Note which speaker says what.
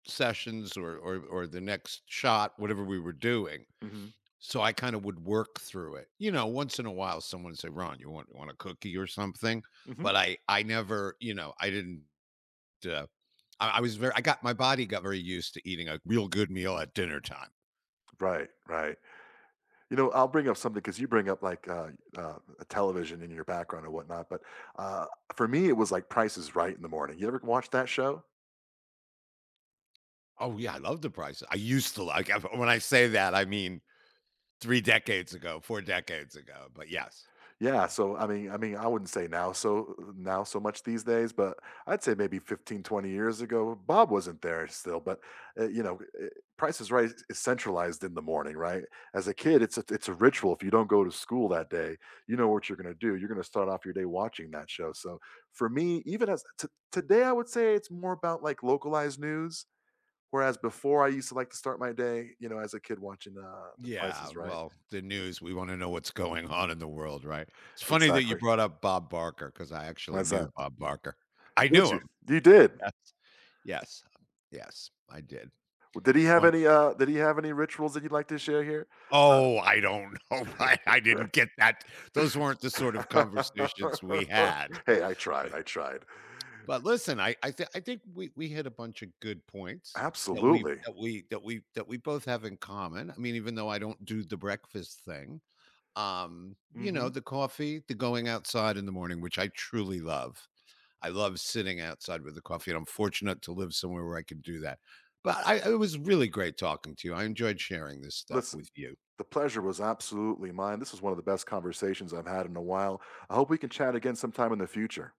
Speaker 1: Sessions or or or the next shot, whatever we were doing.
Speaker 2: Mhm.
Speaker 1: So, I, kinda, would work through it, you know, once in a while, someone would say, "Ron, you want you want a cookie or something?"
Speaker 2: Mhm.
Speaker 1: But I I never, you know, I didn't uh, I I was very I got my body got very used to eating a real good meal at dinner time.
Speaker 2: Right, right. You know, I'll bring up something 'cause you bring up, like, uh, uh, a a television in your background or whatnot, but, uh, for me, it was, like, "Price is Right in the morning." You ever watch that show?
Speaker 1: Oh yeah, I love The Price I used to, like, when I say that, I mean 3 decades ago, 4 decades ago, but yes.
Speaker 2: Yeah, so, I mean I mean, I wouldn't say now, so, u u now so much these days, but I'd say maybe 15, 20 years ago. Bob wasn't there still, but, eh, you know, eh, Price is Right i is centralized in the morning, right? As a kid, it's a it's a ritual. If you don't go to school that day, you know what you're gonna do, you're gonna start off your day watching that show. So, for me, even as t today I would say it's more about, like, localized news, whereas before I used to, like, to start my day, you know, as a kid watching The The Price
Speaker 1: Yeah,
Speaker 2: is Right.
Speaker 1: well, the news, we wanna know what's going on in the world, right? It's funny that you
Speaker 2: Exactly.
Speaker 1: brought up Bob Barker, 'cause I actually
Speaker 2: Why's
Speaker 1: knew
Speaker 2: that?
Speaker 1: Bob Barker. I
Speaker 2: Did
Speaker 1: knew
Speaker 2: you?
Speaker 1: him.
Speaker 2: You did.
Speaker 1: Yes. Yes, yes, I did.
Speaker 2: W did he have
Speaker 1: [unintelligible]
Speaker 2: any, uh, did he have any rituals that you'd like to share here? Uh
Speaker 1: Oh, I don't know why I didn't get that. Those weren't the, sort of, conversations we had, uh,
Speaker 2: Hey, I tried,
Speaker 1: eh.
Speaker 2: I tried.
Speaker 1: But listen, I I thi I think we we hit a bunch of good points that we
Speaker 2: Absolutely.
Speaker 1: that we that we, that we both have in common. I mean, even though I don't do the breakfast thing, um, you know,
Speaker 2: Mhm.
Speaker 1: the coffee, the going outside in the morning, which I truly love. I love sitting outside with the coffee, and I'm fortunate to live somewhere where I can do that. But I it was really great talking to you. I enjoyed sharing this stuff with
Speaker 2: Listen,
Speaker 1: you.
Speaker 2: the pleasure was absolutely mine. This is one of the best conversations I've had in a while. I hope we can chat again sometime in the future.